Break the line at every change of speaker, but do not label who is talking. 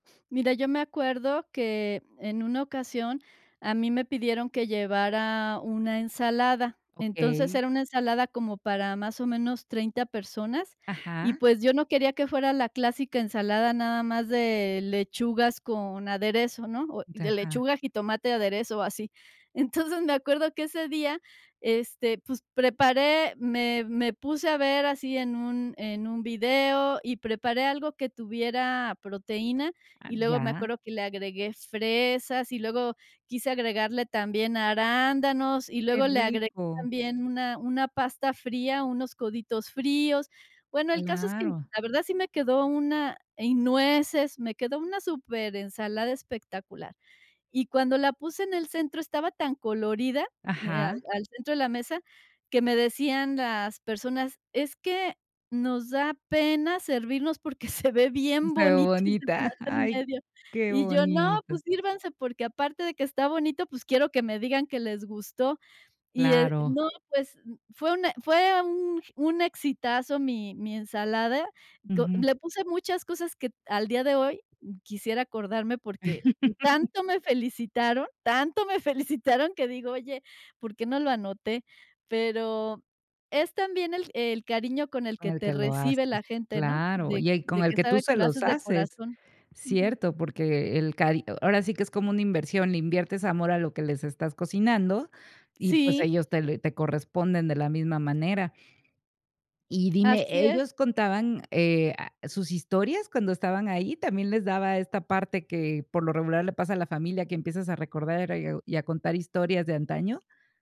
Mira, yo me acuerdo que, en una ocasión, a mí me pidieron que llevara una ensalada. Entonces,
Okey.
era una ensalada como para más o menos 30 personas, y,
Ajá.
pues, yo no quería que fuera la clásica ensalada nada más de lechugas con aderezo, ¿no? O de
Ajá.
lechuga, jitomate, aderezo o así. Entonces me acuerdo que ese día, este, pues, preparé me me puse a ver así en un en un video y preparé algo que tuviera proteína.
Ah,
Y luego me
ya.
acuerdo que le agregué fresas, y luego quise agregarle también arándanos, y
Qué
luego le agregué
rico.
también una una pasta fría, unos coditos fríos. Bueno, el caso es que,
Claro.
la verdad, sí me quedó una y nueces, me quedó una superensalada espectacular. Y cuando la puse en el centro, estaba tan colorida, de al
Ajá.
al centro de la mesa, que me decían las personas: “Es que nos da pena servirnos porque se ve bien
Se ve
bonito ese
bonita.
plato en
Ay,
medio”.
qué
Y yo: “No, pues,
bonito.
sírvanse, porque aparte de que está bonito, pues, quiero que me digan que les gustó”. Y, eh,
Claro.
no, pues, fue una fue un un exitazo mi mi ensalada. Do
Ujú.
le puse muchas cosas que, al día de hoy, quisiera acordarme, porque tanto me felicitaron, tanto me felicitaron, que digo: “Oye, ¿por qué no lo anoté?”. Pero es también el el cariño con el
Con
que
el
te
que lo
recibe
haces.
la gente, ¿no?,
Claro,
de
y el con
de
el
que
que tú
sabe
se
que lo
los
haces de
haces.
corazón. Ujú.
Cierto, porque el cari ahora sí que es como una inversión, le inviertes amor a lo que les estás cocinando y, pues,
Sí.
ellos te lo te corresponden de la misma manera. Y dime,
Así es.
¿ellos contaban, eh a sus historias cuando estaban ahí? ¿También les daba esta parte que, por lo regular le pasa a la familia, que empiezas a recordar y o y a contar historias de antaño?